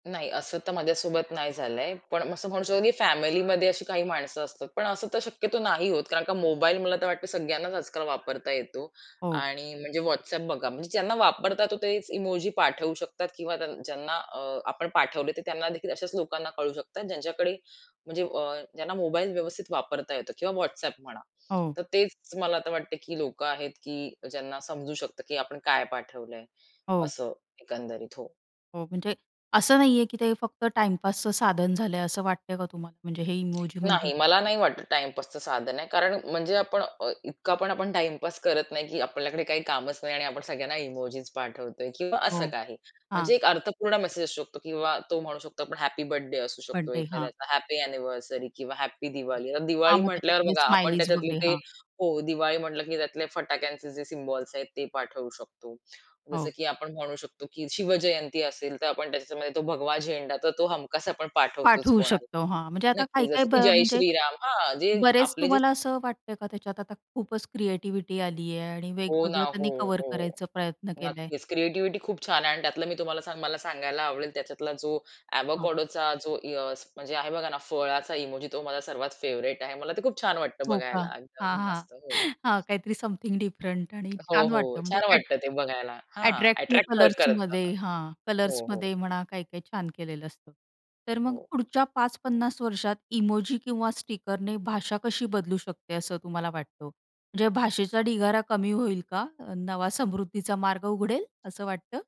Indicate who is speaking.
Speaker 1: नाही, असं तर माझ्यासोबत नाही झालंय. पण असं म्हणू शकतो, की फॅमिलीमध्ये अशी काही माणसं असतात. पण असं तर शक्यतो नाही होत कारण का मोबाईल मला तर वाटतं सगळ्यांनाच आजकाल वापरता येतो
Speaker 2: हो.
Speaker 1: आणि म्हणजे WhatsApp बघा, म्हणजे ज्यांना वापरता येतो तेच इमोजी पाठवू शकतात किंवा ज्यांना अ, आपण पाठवले, ते त्यांनादेखील अशाच लोकांना कळू शकतात, ज्यांच्याकडे म्हणजे अ, ज्यांना मोबाईल व्यवस्थित वापरता येतो किंवा WhatsApp म्हणा.
Speaker 2: हो.
Speaker 1: तर तेच मला तर वाटतंय, की लोकं आहेत, की ज्यांना समजू शकतं, की आपण काय पाठवलंय
Speaker 2: हो.
Speaker 1: असं, एकंदरीत. हो.
Speaker 2: हो, म्हणजे असं नाहीये, की ते फक्त टाईमपासचं साधन झालंय. असं वाटतंय का तुम्हाला? म्हणजे हे इमोजी म्हणजे?
Speaker 1: नाही. मला नाही वाटत टाईमपासचं साधन आहे कारण म्हणजे आपण अ, इतका पण आपण टाईमपास करत नाही, की आपल्याकडे काही कामच नाही आणि आपण सगळ्यांना इमोजीस पाठवतोय किंवा असं
Speaker 2: हो.
Speaker 1: काही.
Speaker 2: हां.
Speaker 1: म्हणजे एक अर्थपूर्ण मेसेज असू शकतो किंवा तो म्हणू शकतो आपण हॅपी बर्थडे असू शकतो,
Speaker 2: बड्डे. हां.
Speaker 1: एखाद्याचा हॅपी एनिव्हर्सरी किंवा हॅपी दिवाली.
Speaker 2: हां,
Speaker 1: दिवाळी
Speaker 2: मग
Speaker 1: म्हंटल्यावर
Speaker 2: त्याच्यापुढे
Speaker 1: बघा, आपण
Speaker 2: स्माइलीज
Speaker 1: त्याच्यातले
Speaker 2: वगैरे.
Speaker 1: ते
Speaker 2: हां.
Speaker 1: हो, दिवाळी म्हंटलं, की त्यातले फटाक्यांचे जे सिम्बॉल्स आहेत, ते पाठवू शकतो. जसं,
Speaker 2: हो.
Speaker 1: की आपण म्हणू शकतो, की शिवजयंती असेल, तर आपण त्याच्यामध्ये तो भगवा झेंडा तर तो हमखास आपण पाठवतोच
Speaker 2: पाठवू
Speaker 1: कोणाला.
Speaker 2: शकतो. हां, म्हणजे आता
Speaker 1: नक्कीच,
Speaker 2: काही-काही,
Speaker 1: जसं,
Speaker 2: ब
Speaker 1: की जय
Speaker 2: म्हणजे,
Speaker 1: श्रीराम हां, जे
Speaker 2: बरेच
Speaker 1: आपले जे
Speaker 2: तुम्हाला असं वाटतंय का त्याच्यात आता खूपच क्रिएटिव्हिटी आलीये? आणि
Speaker 1: हो ना,
Speaker 2: वेगवेगळं
Speaker 1: हो,
Speaker 2: त्यांनी कव्हर
Speaker 1: हो.
Speaker 2: करायचा प्रयत्न केलाय?
Speaker 1: नक्कीच. क्रिएटिविटी खूप छान आहे आणि त्यातलं मी तुम्हाला मला सांगायला आवडेल, त्याच्यातला जो
Speaker 2: हां.
Speaker 1: अवाकाडो जो अ, म्हणजे आहे बघा ना, फळाचा इमोजी, तो माझा सर्वात फेव्हरेट आहे. मला ते खूप छान वाटतं
Speaker 2: हो का?
Speaker 1: बघायला.
Speaker 2: हां,
Speaker 1: एकदम
Speaker 2: हां,
Speaker 1: मस्त. हो.
Speaker 2: हां, काहीतरी समथिंग डिफरंट आणि
Speaker 1: हो,
Speaker 2: छान वाटतं
Speaker 1: हो.
Speaker 2: म्हणजे
Speaker 1: छान
Speaker 2: अ‍ॅट
Speaker 1: वाटतं ते बघायला. हां,
Speaker 2: अ‍ॅट्रॅक्टिव्ह
Speaker 1: अ‍ॅट्रॅक्ट पण करतं.
Speaker 2: कलर्समध्ये, हां,
Speaker 1: हो, हो.
Speaker 2: कलर्समध्ये, म्हणा, काय-काय छान केलेलं असतं. तर मग
Speaker 1: हो.
Speaker 2: पुढच्या 5-50 वर्षात इमोजी किंवा स्टिकरने भाषा कशी बदलू शकते, असं तुम्हाला वाटतं? म्हणजे भाषेचा ढिगारा कमी होईल का? अ, नवा समृद्धीचा मार्ग उघडेल? असं वाटतं.